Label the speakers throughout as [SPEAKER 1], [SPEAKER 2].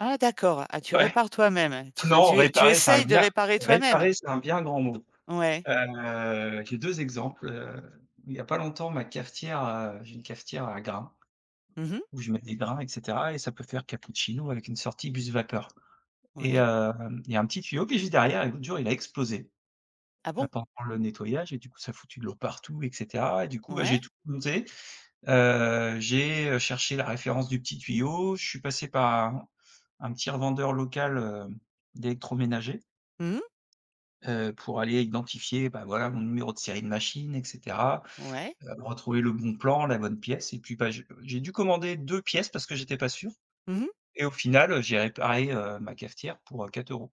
[SPEAKER 1] Ah d'accord. Ah tu
[SPEAKER 2] Ouais.
[SPEAKER 1] répares toi-même hein. Tu, enfin
[SPEAKER 2] Non,
[SPEAKER 1] tu es tu
[SPEAKER 2] réparer, c'est un
[SPEAKER 1] essayes de
[SPEAKER 2] bien
[SPEAKER 1] réparer toi-même?
[SPEAKER 2] réparer, c'est un bien grand mot.
[SPEAKER 1] Ouais.
[SPEAKER 2] Heu, j'ai 2 exemples. Heu, il y a pas longtemps, ma cafetière, heu j'ai une cafetière à grains.
[SPEAKER 1] Mmh mh.
[SPEAKER 2] Où je mets des grains et cetera et ça peut faire cappuccino avec une sortie buse vapeur et
[SPEAKER 1] Oui.
[SPEAKER 2] hem, il y a un petit tuyau. Puis juste derrière et l'autre jour il a explosé,
[SPEAKER 1] Ah
[SPEAKER 2] heu,
[SPEAKER 1] bon?
[SPEAKER 2] pendant le nettoyage et du coup ça a foutu de l'eau partout et cetera. Et du coup bah j'ai
[SPEAKER 1] Ouais.
[SPEAKER 2] tout démonté. Heu, j'ai, heu, cherché la référence du petit tuyau, je suis passé par un un petit revendeur local, heu, d'électroménager
[SPEAKER 1] Mmh mh.
[SPEAKER 2] heu, pour aller identifier, bah, voilà, mon numéro de série de machine et cetera.
[SPEAKER 1] Ouais.
[SPEAKER 2] Heu, retrouver le bon plan, la bonne pièce et puis bah j'ai, heu j'ai dû commander 2 pièces. Parce que j'étais pas sûr
[SPEAKER 1] Mmh mh.
[SPEAKER 2] et au final, heu, j'ai réparé, heu, ma cafetière pour, heu, 4 euros.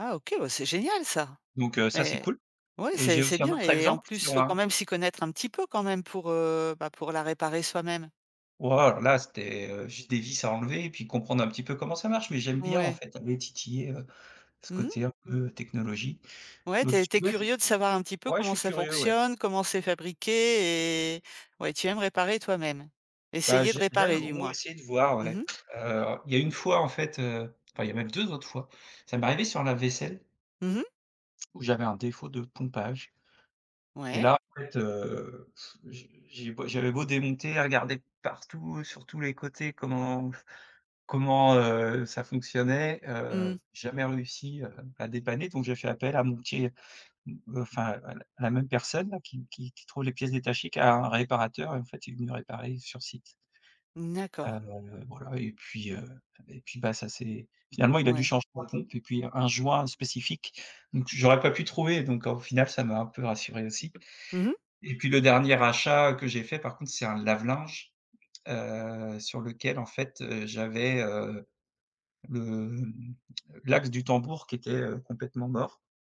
[SPEAKER 1] Ah OK! Ouais c'est génial ça!
[SPEAKER 2] Donc, heu, ça c'est
[SPEAKER 1] Mais
[SPEAKER 2] cool.
[SPEAKER 1] ouais,
[SPEAKER 2] Et j'ai
[SPEAKER 1] c'est c'est
[SPEAKER 2] aussi un
[SPEAKER 1] bien
[SPEAKER 2] autre
[SPEAKER 1] et en
[SPEAKER 2] exemple
[SPEAKER 1] plus, il
[SPEAKER 2] sur
[SPEAKER 1] faut quand
[SPEAKER 2] un
[SPEAKER 1] même s'y connaître un petit peu quand même, pour, heu, bah, pour la réparer soi-même.
[SPEAKER 2] Oh alors là c'était, heu, juste des vis à enlever et puis comprendre, un petit peu comment ça marche! Mais j'aime bien en
[SPEAKER 1] Ouais.
[SPEAKER 2] fait aller titiller, heu, ce
[SPEAKER 1] Mmh mh.
[SPEAKER 2] côté un peu technologie.
[SPEAKER 1] Ouais, tu es tu es curieux de savoir un
[SPEAKER 2] [unintelligible]
[SPEAKER 1] petit peu
[SPEAKER 2] Ouais je
[SPEAKER 1] comment
[SPEAKER 2] suis
[SPEAKER 1] ça
[SPEAKER 2] curieux, ouais.
[SPEAKER 1] fonctionne? Comment c'est fabriqué? Et ouais, tu aimes réparer toi-même.
[SPEAKER 2] Bah
[SPEAKER 1] Essayer de
[SPEAKER 2] j'ai j'arrive
[SPEAKER 1] réparer
[SPEAKER 2] au
[SPEAKER 1] du
[SPEAKER 2] moins à
[SPEAKER 1] moins.
[SPEAKER 2] essayer de voir
[SPEAKER 1] Mmh
[SPEAKER 2] ouais.
[SPEAKER 1] mh.
[SPEAKER 2] Heu, il y une fois en fait; heu, enfin il y a même 2 autres fois, ça m'est arrivé sur un lave-vaisselle
[SPEAKER 1] Mmh mh.
[SPEAKER 2] où j'avais un défaut de pompage et
[SPEAKER 1] Ouais.
[SPEAKER 2] là, en fait, heu, pff, j'ai j'ai beau j'avais beau démonter, regarder de partout, sur tous les côtés comment comment, heu, ça fonctionnait? Heu
[SPEAKER 1] Mmh.
[SPEAKER 2] jamais réussi, heu, à dépanner. Donc j'ai fait appel à mon petit, m me enfin ouais la la même personne qui qui qui trouve les pièces détachées qu'à un réparateur et en fait il est venu réparer sur site
[SPEAKER 1] Mmh d'accord.
[SPEAKER 2] heu voilà et puis, heu et puis bah ça c'est finalement il a dû
[SPEAKER 1] Ouais.
[SPEAKER 2] changer la pompe et puis un joint spécifique, donc j'aurais pas pu trouver. Donc au final ça m'a un peu rassuré aussi.
[SPEAKER 1] Mmh mh.
[SPEAKER 2] Et puis le dernier achat, heu, que j'ai fait par contre c'est un lave-linge, heu, sur lequel en fait, heu, j'avais, heu, le mmh, l'axe du tambour qui était, heu, complètement mort.